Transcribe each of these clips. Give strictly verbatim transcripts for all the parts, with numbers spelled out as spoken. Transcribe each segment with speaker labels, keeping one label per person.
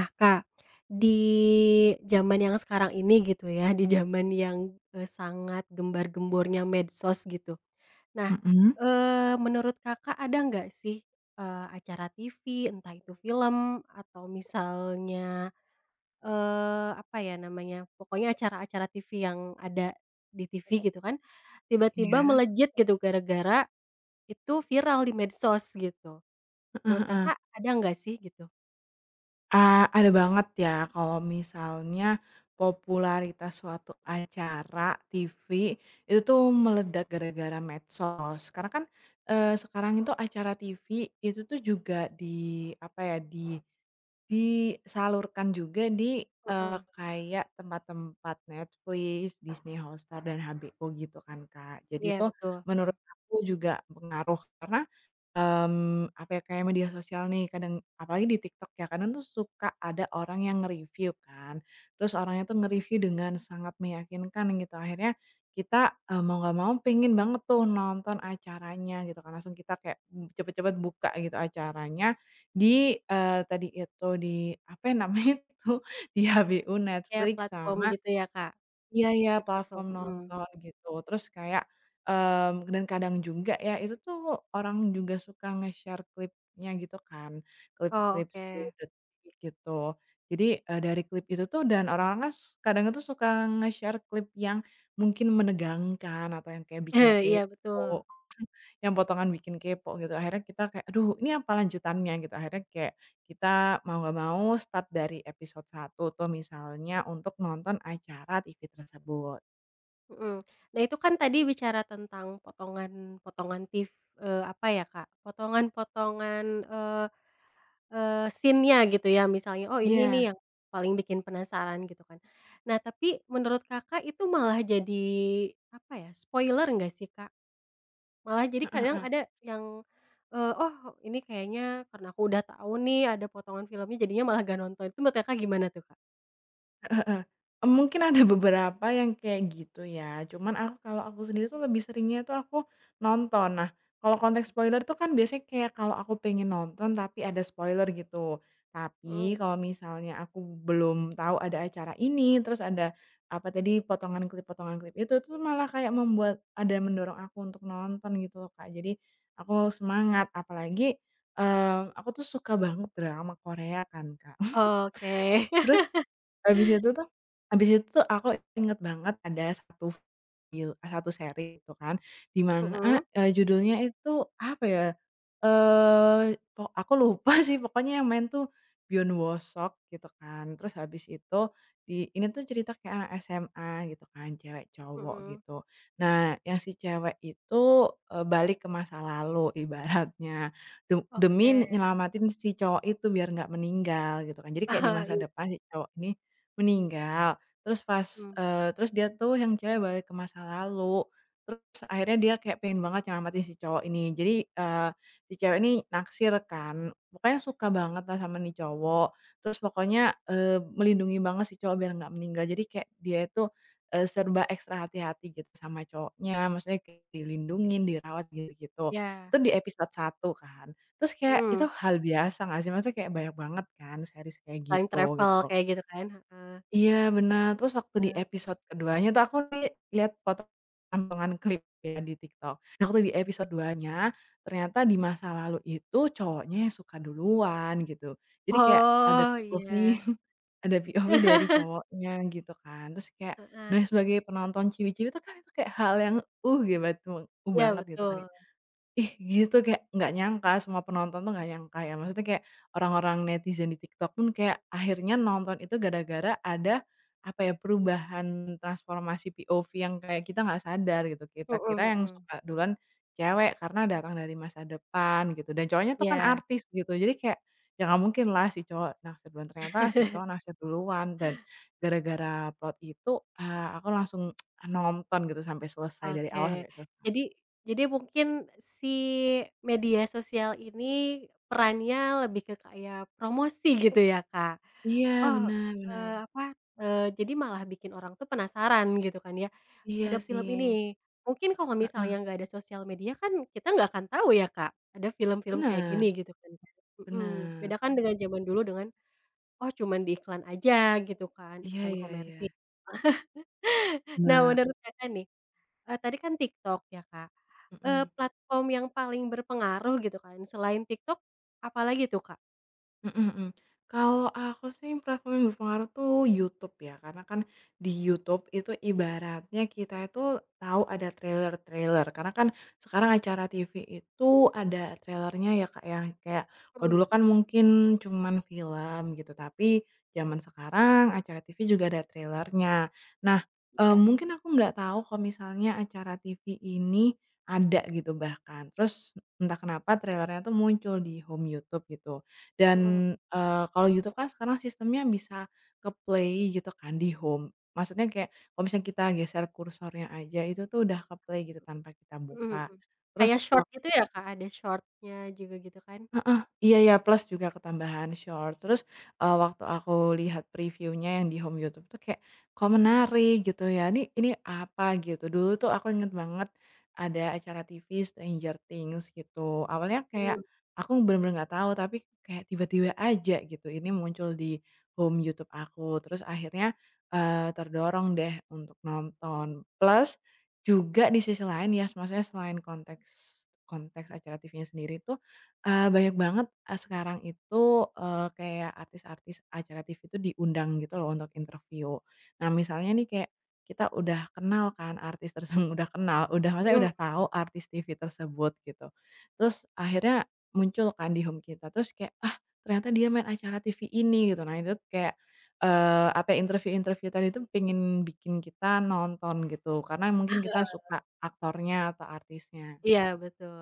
Speaker 1: Nah Kak, di zaman yang sekarang ini gitu ya, di zaman yang, eee, sangat gembar-gembornya medsos gitu. Nah,
Speaker 2: Mhm.
Speaker 1: eee, menurut Kakak ada nggak sih, eee, acara TV entah itu film atau misalnya, eee, apa ya namanya, pokoknya acara-acara TV yang ada di TV gitu kan. Tiba-tiba
Speaker 2: Iya.
Speaker 1: melejit gitu gara-gara itu viral di medsos, gitu.
Speaker 2: Heeh
Speaker 1: Menurut
Speaker 2: heeh.
Speaker 1: Kakak, ada nggak sih gitu?
Speaker 2: A ada banget ya, kalau misalnya popularitas suatu acara TV, itu tuh meledak gara-gara medsos. Karena kan, eee, sekarang itu acara TV itu tuh juga di apa ya, di disalurkan juga di eee,
Speaker 1: Mhm.
Speaker 2: kayak tempat-tempat Netflix, Disney Hotstar, dan HBO gitu kan, Kak. Jadi,
Speaker 1: Iya
Speaker 2: itu
Speaker 1: betul. Heeh.
Speaker 2: menurut aku juga pengaruh karena, mmm, apa ya, kayak media sosial nih, kadang apalagi di TikTok ya, kadang tuh suka ada orang yang nge-review kan, terus orangnya tuh nge-review dengan sangat meyakinkan gitu. Akhirnya kita, eee, mau nggak mau pengen banget tuh nonton acaranya gitu kan, langsung kita kayak cepat-cepat buka gitu acaranya di eee, tadi itu di apa ya namanya itu, di HBO,
Speaker 1: Kayak
Speaker 2: Netflix
Speaker 1: platform
Speaker 2: sama
Speaker 1: gitu ya Kak?
Speaker 2: iya iya,
Speaker 1: Di platform,
Speaker 2: platform
Speaker 1: Mhm.
Speaker 2: nonton gitu. Terus kayak mmm, dan kadang juga ya itu tuh orang juga suka nge-share klipnya gitu kan,
Speaker 1: Oh,
Speaker 2: klip-klip sepuluh
Speaker 1: oke.
Speaker 2: detik gitu. Jadi, eee, dari klip itu tuh dan orang-orangnya s kadang itu suka nge-share klip yang mungkin menegangkan atau yang kayak bikin
Speaker 1: Eh, iya betul.
Speaker 2: kepo, yang potongan bikin kepo gitu. Akhirnya kita kayak, "Aduh ini apa lanjutannya?" Gitu. Akhirnya kayak kita mau nggak mau start dari episode I tuh, misalnya untuk nonton acara TV tersebut.
Speaker 1: Hmm. Nah, itu kan tadi bicara tentang potongan-potongan tiv eee apa ya Kak, potongan-potongan eee, eee scene-nya gitu ya misalnya oh ini nih
Speaker 2: Iya.
Speaker 1: yang paling bikin penasaran gitu kan. Nah, tapi menurut Kakak itu malah jadi apa ya spoiler nggak sih Kak? Malah jadi
Speaker 2: Heeh,
Speaker 1: kadang
Speaker 2: heeh.
Speaker 1: ada yang, eee oh ini kayaknya karena aku udah tahu nih ada potongan filmnya jadinya malah nggak nonton. Tuh menurut Kakak gimana tuh Kak?
Speaker 2: Heeh, heeh. Mmm mungkin ada beberapa yang kayak gitu, ya. Cuman aku kalau aku sendiri tuh lebih seringnya tuh aku, nonton. Nah, kalau konteks spoiler tuh kan biasanya kayak kalau aku pengen nonton tapi ada spoiler gitu. Tapi
Speaker 1: Hmm.
Speaker 2: kalau misalnya aku belum tahu ada acara ini, terus ada apa tadi potongan klip, potongan klip itu tuh malah kayak membuat ada yang mendorong aku untuk nonton gitu loh Kak. Jadi, aku semangat apalagi eee aku tuh suka banget drama Korea kan, Kak.
Speaker 1: Oke.
Speaker 2: Terus, habis itu tuh, habis itu tuh aku inget banget ada satu, fil eh, satu seri tuh kan. Dimana,
Speaker 1: Heeh.
Speaker 2: eee, judulnya itu apa ya? Eee, o aku lupa sih pokoknya yang main tuh Byeon Woo Seok gitu kan. Terus habis itu di ini tuh cerita kayak anak SMA gitu kan, cewek cowok
Speaker 1: Heeh.
Speaker 2: gitu. Nah yang si cewek itu e balik ke masa lalu ibaratnya. Tu demi ne
Speaker 1: Oke.
Speaker 2: nyelamatin si cowok itu biar nggak meninggal gitu kan. Jadi kayak di
Speaker 1: Ah
Speaker 2: masa
Speaker 1: iya.
Speaker 2: depan si cowok ini meninggal. Terus pas
Speaker 1: Mmm.
Speaker 2: eee terus dia tuh yang cewek balik ke masa lalu. Terus akhirnya dia kayak pengen banget nyelamatin si cowok ini. Jadi eee si cewek ini naksir kan. Pokoknya suka banget lah sama nih cowok. Terus pokoknya eee melindungi banget si cowok biar nggak meninggal. Jadi kayak dia tuh e serba ekstra hati-hati gitu sama cowoknya. Maksudnya kayak dilindungin, dirawat gi gitu.
Speaker 1: Ya.
Speaker 2: Tuh di episode satu kan. Terus kayak itu
Speaker 1: Mmm.
Speaker 2: hal biasa nggak sih? Maksudnya kayak banyak banget kan series kayak
Speaker 1: Time
Speaker 2: gitu,
Speaker 1: travel
Speaker 2: gitu.
Speaker 1: kayak gitu kan, heeh.
Speaker 2: Iya benar. Terus waktu di
Speaker 1: Mmm.
Speaker 2: episode keduanya tuh aku li lihat poto potongan klip kayak di TikTok. Nah waktu di episode dua-nya, ternyata di masa lalu itu cowoknya yang suka duluan gitu. Jadi kayak ada
Speaker 1: Oh
Speaker 2: POV,
Speaker 1: iya.
Speaker 2: ada POV, dari cowoknya gitu kan. Terus kayak, nah
Speaker 1: Heeh.
Speaker 2: sebagai penonton ciwi-ciwi tuh kan itu kayak hal yang "uh gi bat cowokku
Speaker 1: Iya
Speaker 2: banget" gitu kan.
Speaker 1: betul.
Speaker 2: Ih gitu kayak nggak nyangka semua penonton tuh nggak nyangka ya. Maksudnya kayak orang-orang netizen di TikTok pun kayak akhirnya nonton itu gara-gara ada, apa ya perubahan transformasi POV yang kayak kita nggak sadar gitu. Kita
Speaker 1: Heeh,
Speaker 2: kira yang
Speaker 1: heeh.
Speaker 2: suka duluan cewek karena datang dari masa depan gitu. Dan cowoknya tuh kan
Speaker 1: Iya.
Speaker 2: artis gitu. Jadi kayak, ya nggak mungkinlah si cowok naksir duluan. Ternyata si cowok naksir duluan dan gara-gara plot itu, ah aku langsung nonton gitu sampai selesai, dari awal
Speaker 1: Oke.
Speaker 2: sampai seles
Speaker 1: Jadi, jadi mungkin si media sosial ini perannya lebih ke kayak promosi gitu ya Kak.
Speaker 2: Iya
Speaker 1: Oh
Speaker 2: benar,
Speaker 1: eee
Speaker 2: benar.
Speaker 1: apa, eee jadi malah bikin orang tuh penasaran gitu kan ya, ada
Speaker 2: Iya
Speaker 1: film
Speaker 2: sih.
Speaker 1: ini. Mungkin kalau
Speaker 2: Heeh.
Speaker 1: misalnya nggak ada sosial media kan kita nggak akan tahu ya Kak ada film-film kayak gini
Speaker 2: Benar.
Speaker 1: gitu kan? Mmm. Beda
Speaker 2: Benar.
Speaker 1: kan dengan zaman dulu dengan "oh cuman di iklan aja" gitu kan,
Speaker 2: Iya
Speaker 1: iklan
Speaker 2: iya
Speaker 1: komersil.
Speaker 2: iya.
Speaker 1: Nah
Speaker 2: Benar.
Speaker 1: menurut Kakak nih, e tadi kan TikTok ya Kak, eee
Speaker 2: Heeh.
Speaker 1: platform yang paling berpengaruh gitu kan selain TikTok apalagi tuh Kak?
Speaker 2: Mhm mhm. Kalau aku sih, platform yang berpengaruh tuh YouTube, ya. Karena kan, di YouTube itu ibaratnya kita itu tahu ada trailer-trailer. Karena kan, sekarang acara TV itu ada trailernya, ya Kak, ya, yang kayak kalau dulu
Speaker 1: Mhm.
Speaker 2: kan, mungkin cuman film, gitu. Tapi, zaman sekarang, acara TV juga ada trailernya. Nah, eee,
Speaker 1: Iya.
Speaker 2: mungkin aku nggak tahu kalau misalnya acara TV ini ada, gitu, bahkan. Terus, entah kenapa, trailernya tuh muncul di home YouTube gitu. Dan,
Speaker 1: Mhm hm
Speaker 2: eee, kalau YouTube kan sekarang sistemnya bisa ke-play gitu kan, di home. Maksudnya kayak, kalau misalnya kita geser kursornya aja itu tuh udah ke-play, gitu, tanpa kita
Speaker 1: Mhm
Speaker 2: buka.
Speaker 1: mhm. Kayak
Speaker 2: Terus wak
Speaker 1: Shorts gitu ya, Kak? Ada Shorts-nya juga gitu, kan?
Speaker 2: Heeh. Iya iya, plus juga ketambahan Shorts. Terus, eee, waktu aku lihat preview-nya yang di home YouTube tuh kayak, "Kok menarik?" Gitu ya, "ini ini, apa?" gitu. Dulu tuh, aku ingat banget, ada acara TV Stranger Things gitu. Awalnya
Speaker 1: Hmm.
Speaker 2: kayak aku yang bener-bener nggak tahu, tapi kayak tiba-tiba aja, gitu, ini muncul di home YouTube aku. Terus akhirnya, eee, terdorong deh, untuk nonton. Plus, juga di sisi lain ya, s maksudnya selain konteks konteks acara TV-nya sendiri tuh, eee, banyak banget, e sekarang itu, eee, kayak artis-artis acara TV tuh diundang gitu lo, untuk interviu. Nah, misalnya nih, kayak kita udah kenal kan, artis terse udah kenal, udah maksudnya
Speaker 1: Mhm.
Speaker 2: udah tahu artis TV tersebut, gitu. Terus, akhirnya muncul kan, di home kita. Terus kayak, "Ah, ternyata dia main acara TV ini," gitu. Nah, itu t kayak, eee, apa, interviu-interviu tadi tuh pingin bikin kita nonton, gitu. Karena yang mungkin kita suka aktornya atau artisnya.
Speaker 1: Iya, betul.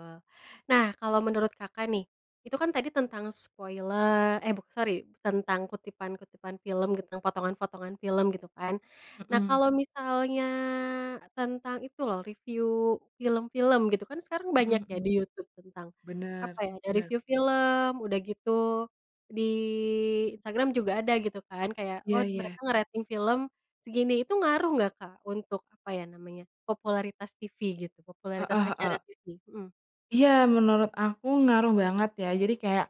Speaker 1: Nah, kalau menurut Kakak, nih. Itu kan tadi tentang spoile eh buk sori, tentang kutipan-kutipan film gitu, tentang potongan-fotongan film, gitu kan. Nah,
Speaker 2: Mhm.
Speaker 1: kalau misalnya tentang itu lo, reviu film-film, gitu. Kan sekarang
Speaker 2: Mhm
Speaker 1: banyak ya,
Speaker 2: mhm.
Speaker 1: di YouTube tentang, apa
Speaker 2: Bener,
Speaker 1: ya. Ada
Speaker 2: bener.
Speaker 1: reviu film, udah gitu di Instagram juga ada, gitu kan, kayak, "Oh,
Speaker 2: Iya iya.
Speaker 1: mereka ngerating film segini." itu ngaruh nggak, Kak, untuk, apa ya namanya, popularitas tivi, gitu, popularitas
Speaker 2: Heeh
Speaker 1: acara
Speaker 2: heeh.
Speaker 1: tivi? Mhm.
Speaker 2: Iya, menurut aku ngaruh banget, ya. Jadi kayak,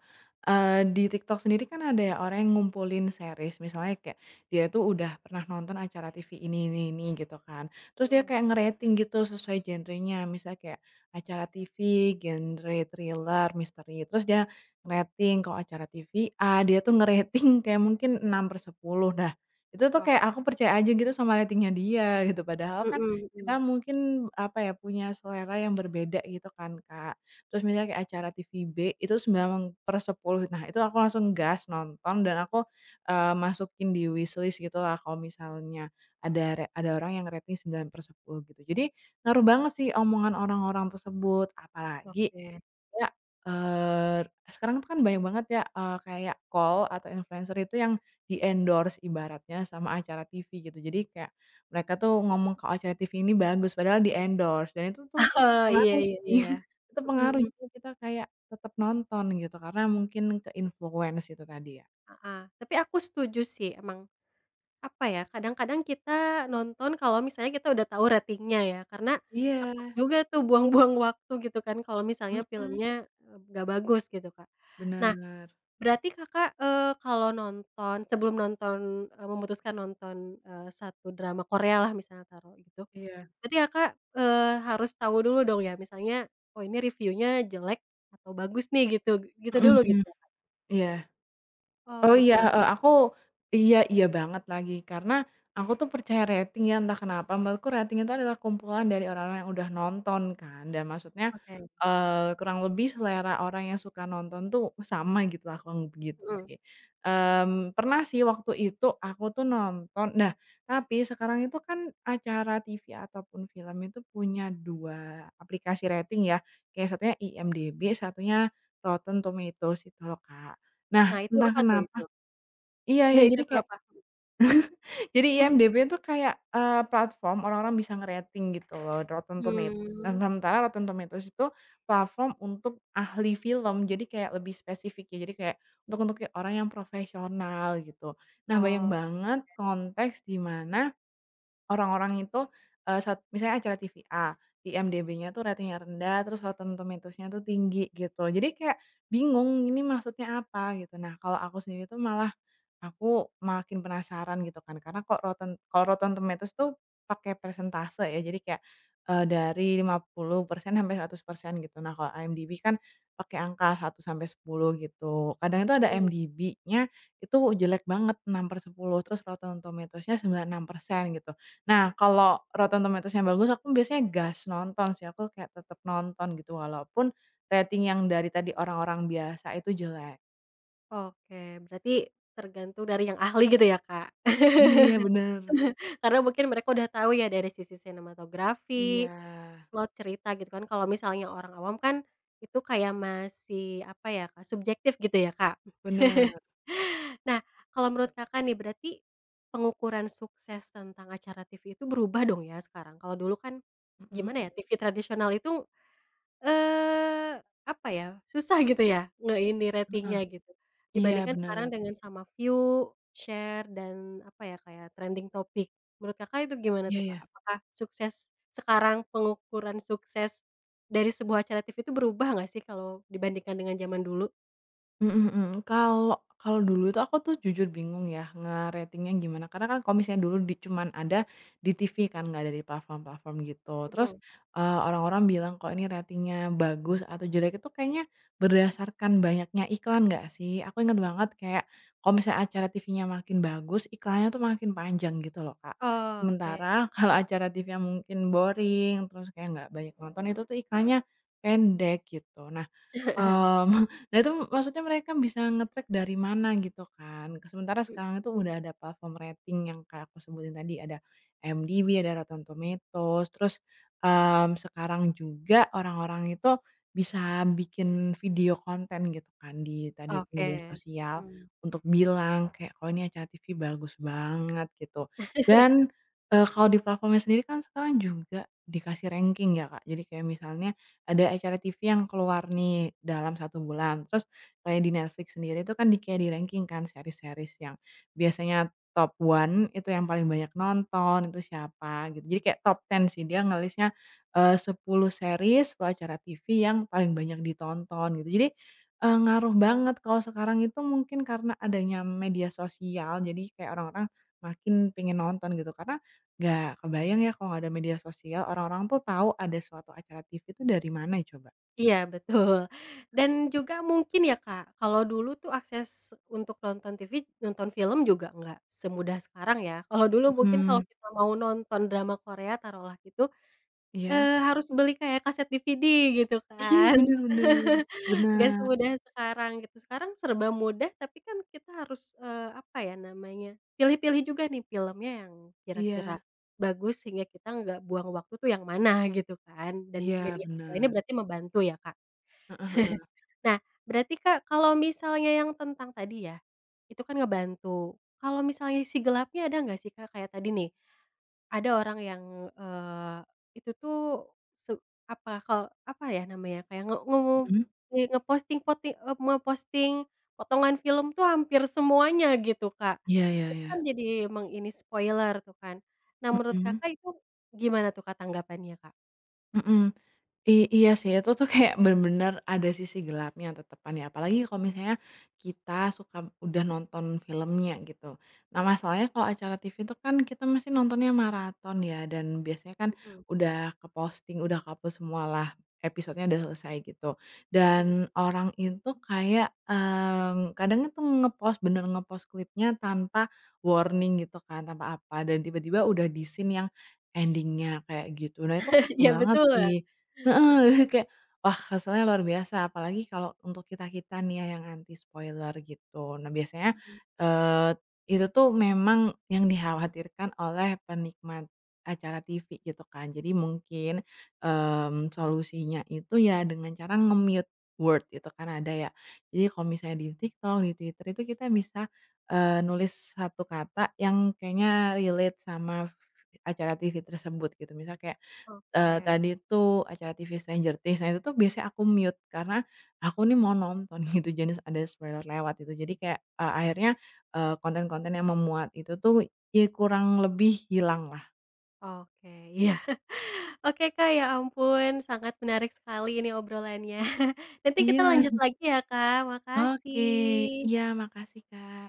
Speaker 2: eee, di TikTok sendiri kan ada ya, orang yang ngumpulin series. Misalnya kayak, dia tuh udah pernah nonton acara TV ini ini ini, gitu kan. Terus dia
Speaker 1: Mhm.
Speaker 2: kayak ngerating gitu, sesuai genrenya. Misalnya kayak acara TV genre thriller, misteri. Terus dia ngerating, kalau acara TV A, dia tuh ngerating kayak mungkin enam per sepuluh. Nah, itu tuh
Speaker 1: Ok
Speaker 2: kayak aku percaya aja, gitu, sama ratingnya dia, gitu. Padahal kan
Speaker 1: Mhm
Speaker 2: kita
Speaker 1: mhm.
Speaker 2: mungkin, apa ya, punya selera yang berbeda gitu, kan, Kak. Terus misalnya kayak acara TV B, itu sembilan per sepuluh. Nah itu aku langsung gas, nonton, dan aku, eee, masukin di wishlist gitulah, kalau misalnya ada re ada orang yang ngerating sembilan per sepuluh, gitu. Jadi, ngaruh banget sih, omongan orang-orang tersebut. Apalagi
Speaker 1: Oke.
Speaker 2: kayak, eee, r sekarang tuh kan banyak banget ya, eee, kayak KOL atau influenser itu yang di-endorse, ibaratnya, sama acara tivi, gitu. Jadi kayak mereka tuh ngomong kalau acara tivi ini bagus, padahal di-endorse. Dan itu tuh,
Speaker 1: Oh, iya
Speaker 2: pengaruh
Speaker 1: iya
Speaker 2: sih.
Speaker 1: iya.
Speaker 2: Itu
Speaker 1: Mhm
Speaker 2: pengaruh,
Speaker 1: mhm.
Speaker 2: jadi kita kayak tetap nonton, gitu. Karena mungkin ke-influence itu tadi, ya.
Speaker 1: Heeh. Tapi aku setuju, sih. Emang, apa ya, kadang-kadang kita nonton kalau misalnya kita udah tahu ratingnya, ya. Karena, takut
Speaker 2: Iya.
Speaker 1: juga tuh, buang-buang waktu, gitu kan, kalau misalnya
Speaker 2: Mhm.
Speaker 1: filmnya, mmm, nggak bagus, gitu, Kak. Nah,
Speaker 2: Bener.
Speaker 1: berarti Kakak, eee, kalau nonton sebelum nonton eee, memutuskan nonton, eee, satu drama Korealah misalnya taruh, gitu.
Speaker 2: Iya.
Speaker 1: Berarti Kakak, eee, harus tahu dulu, dong ya, misalnya, "Oh, ini reviunya jelek atau bagus, nih," gitu. G gitu
Speaker 2: Mhm
Speaker 1: dulu
Speaker 2: mhm.
Speaker 1: gitu ya, Kak?
Speaker 2: Iya.
Speaker 1: Oh,
Speaker 2: Oh, iya,
Speaker 1: gitu.
Speaker 2: heeh, aku iya, iya banget, lagi. Karena, aku tuh percaya rating ya, entah kenapa. Menurutku, rating itu adalah kumpulan dari orang-orang yang udah nonton, kan. Dan maksudnya,
Speaker 1: Oke.
Speaker 2: eee, kurang lebih selera orang yang suka nonton tuh, sama gitulah, kurang lebih gitu,
Speaker 1: Mhm.
Speaker 2: sih. Mmm, pernah sih waktu itu, aku tuh nonton nah, tapi sekarang itu kan, acara TV ataupun film itu punya dua aplikasi rating, ya. Kayak, satunya IMDb, satunya Rotten Tomatoes itu lo, Kak. Nah,
Speaker 1: Nah itu,
Speaker 2: entah
Speaker 1: apa tuh,
Speaker 2: kenapa
Speaker 1: itu?
Speaker 2: iya
Speaker 1: Iya,
Speaker 2: iya,
Speaker 1: itu
Speaker 2: jadi
Speaker 1: tuh
Speaker 2: kayak
Speaker 1: apa?
Speaker 2: jadi IMDb tuh kayak, eee, platform orang-orang bisa ngerating gitu lo. Rotten Tomat nah,
Speaker 1: Hmm.
Speaker 2: nementara, Rotten Tomatoes itu platform untuk ahli film. Jadi kayak lebih spesifik ya, jadi kayak untuk untuk y orang yang profesional, gitu. Nah, banyak
Speaker 1: Oh.
Speaker 2: banget konteks di mana orang-orang itu, eee, sat misalnya acara TV A, IMDb-nya tuh ratingnya rendah, terus Rotten Tomatoes-nya tuh tinggi, gitu. Jadi kayak bingung, ini maksudnya apa, gitu. Nah, kalau aku sendiri tuh malah, aku makin penasaran, gitu kan. Karena kok Rotten kalau Rotten Tomatoes tuh pakai persentase, ya. Jadi kayak, eee, dari lima puluh persen sampai seratus persen, gitu. Nah, kalau IMDb kan pakai angka satu sampai sepuluh, gitu. Kadang itu ada
Speaker 1: Mhm.
Speaker 2: IMDb-nya itu jelek banget, enam per sepuluh, terus Rotten Tomatoes-nya sembilan enam persen, gitu. Nah, kalau Rotten Tomatoes-nya bagus, aku biasanya gas nonton, sih. Aku kayak tetap nonton, gitu, walaupun rating yang dari tadi orang-orang biasa itu jelek.
Speaker 1: Oke, berarti tergantung dari yang ahli gitu ya, Kak?
Speaker 2: Iya iya, benar.
Speaker 1: Karena mungkin mereka udah tahu ya, dari sisi sinematografi,
Speaker 2: Iya.
Speaker 1: plot cerita gitu kan. Kalau misalnya orang awam kan, itu kayak masih, apa ya, Kak, subjektif gitu ya, Kak.
Speaker 2: Benar.
Speaker 1: Nah, kalau menurut Kakak nih, berarti pengukuran sukses tentang acara TV itu berubah dong ya, sekarang? Kalau dulu kan,
Speaker 2: Mhm.
Speaker 1: gimana ya, TV tradisional itu, eee, apa ya, susah gitu ya, nge ini,
Speaker 2: Heeh.
Speaker 1: ratingnya gitu,
Speaker 2: Iya,
Speaker 1: dibandingkan sekarang
Speaker 2: benar.
Speaker 1: dengan sama view, share, dan apa ya, kayak trending topic. Menurut Kakak itu gimana
Speaker 2: Iya
Speaker 1: tuh
Speaker 2: iya.
Speaker 1: Kak, apakah sukses sekarang pengukuran sukses dari sebuah acara TV itu berubah nggak sih, kalau dibandingkan dengan jaman dulu?
Speaker 2: Mhm mhm. Kalau kalau dulu itu aku tuh jujur bingung ya, ngeratingnya gimana. Karena kan kalau misalnya dulu di cuman ada di TV kan, enggak ada di platform-platform gitu. Terus,
Speaker 1: Hmm.
Speaker 2: eee, orang-orang bilang, "Kok ini ratingnya bagus atau jelek itu kayaknya berdasarkan banyaknya iklan enggak sih?" Aku inget banget, kayak kalau misalnya acara TV-nya makin bagus, iklannya tuh makin panjang gitu loh, Kak.
Speaker 1: Oke.
Speaker 2: Sementara kalau acara TV-nya mungkin boring, terus kayak enggak banyak penonton, itu tuh iklannya pendek gitu. Nah,
Speaker 1: Heeh.
Speaker 2: mmm, nah, itu maksudnya mereka bisa ngecek dari mana gitu kan. Sementara sekarang itu
Speaker 1: Mhm.
Speaker 2: udah ada platform rating yang kayak aku sebutin tadi. Ada IMDb, ada Rotten Tomatoes. Terus, mmm, sekarang juga orang-orang itu bisa bikin video konten gitu kan di tadi itu media
Speaker 1: Oke.
Speaker 2: sosial
Speaker 1: Mhm.
Speaker 2: untuk bilang kayak, "Kok ini acara TV bagus banget" gitu. Dan, eee, kalau di platformnya sendiri kan sekarang juga dikasih ranking ya, Kak. Jadi kayak misalnya ada acara TV yang keluar nih, dalam satu bulan. Terus kayak di Netflix sendiri itu kan kayak di-ranking kan series-series yang biasanya top one itu yang paling banyak nonton, itu siapa gitu. Jadi kayak top ten sih. Dia nge-list-nya, eee, sepuluh series atau acara TV yang paling banyak ditonton gitu. Jadi, eee, ngaruh banget kalau sekarang itu mungkin karena adanya media sosial. Jadi kayak orang-orang makin pengen nonton gitu. Karena enggak kebayang ya, kalau enggak ada media sosial, orang-orang tuh tahu ada suatu acara TV itu dari mana coba?
Speaker 1: Iya betul, dan juga mungkin ya Kak, kalau dulu tuh akses, untuk nonton TV nonton film juga nggak semudah sekarang ya kalau dulu mungkin kalau
Speaker 2: Mhm.
Speaker 1: kita mau nonton drama Korea taruh lah gitu,
Speaker 2: Iya.
Speaker 1: eee, harus beli kayak kaset DVD gitu
Speaker 2: Iya
Speaker 1: kan
Speaker 2: benar benar,
Speaker 1: nggak
Speaker 2: benar.
Speaker 1: semudah sekarang gitu sekarang serba mudah tapi kan kita harus, eee, apa ya namanya, pilih-pilih juga nih filmnya yang kira-kira,
Speaker 2: Iya.
Speaker 1: bagus sehingga kita nggak buang waktu tuh yang mana gitu kan dan
Speaker 2: Iya
Speaker 1: media sosial ini
Speaker 2: benar.
Speaker 1: berarti membantu ya Kak,
Speaker 2: Heeh heeh.
Speaker 1: nah berarti Kak, kalau misalnya yang tentang tadi ya, itu kan ngebantu kalau misalnya sisi gelapnya ada nggak sih Kak, kayak tadi nih, ada orang yang, eee, itu tuh su apa kalo apa ya namanya kayak nge nge
Speaker 2: Mhm.
Speaker 1: kayak ngeposting poti eee, memposting, potongan film tuh hampir semuanya gitu Kak,
Speaker 2: Iya iya
Speaker 1: itu kan
Speaker 2: iya.
Speaker 1: jadi meng ini spoiler tuh kan, nah menurut
Speaker 2: Mhm.
Speaker 1: Kakak, itu gimana tuh Kak, tanggapannya, Kak?
Speaker 2: Mhm, i iya sih itu tuh kayak bener-bener ada sisi gelapnya tetepan ya apalagi kalau misalnya, kita suka udah nonton filmnya gitu, nah masalahnya kalau acara TV itu kan kita mesti nontonnya maraton ya dan biasanya kan,
Speaker 1: Mhm.
Speaker 2: udah ke-posting udah ke-upload semua lah, episodenya udah selesai gitu
Speaker 1: Mhm.
Speaker 2: dan orang itu kayak, mmm, kadang itu nge-post bener nge-post klipnya tanpa warning gitu kan tanpa apa, dan tiba-tiba udah di scene yang, ending-nya kayak gitu nah itu parah
Speaker 1: Iya
Speaker 2: banget
Speaker 1: betul,
Speaker 2: sih heeh,
Speaker 1: heeh.
Speaker 2: jadi kayak wah keselnya luar biasa apalagi kalau untuk kita kita nih ya yang anti spoiler gitu. Nah biasanya,
Speaker 1: Mhm.
Speaker 2: eee, itu tuh memang yang dikhawatirkan oleh penikmat acara TV gitu kan jadi mungkin, mmm, solusinya itu ya dengan cara nge-mute word itu kan ada ya, jadi kalau misalnya di TikTok di Twitter itu kita bisa, eee, nulis satu kata yang kayaknya relate sama, acara TV tersebut gitu misalnya kayak, eee,
Speaker 1: Oke.
Speaker 2: tadi itu acara TV Stranger Things, nah itu tuh biasanya aku mute karena aku nih mau nonton gitu jangan ada spoiler lewat gitu jadi kayak a akhirnya, eee, konten-konten yang memuat itu tuh ya kurang lebih hilang lah.
Speaker 1: Oke iya oke Kak, ya ampun sangat menarik sekali ini obrolannya nanti kita lanjut
Speaker 2: Iya.
Speaker 1: lagi ya Kak,
Speaker 2: Oke
Speaker 1: makasih.
Speaker 2: iya makasih, Kak.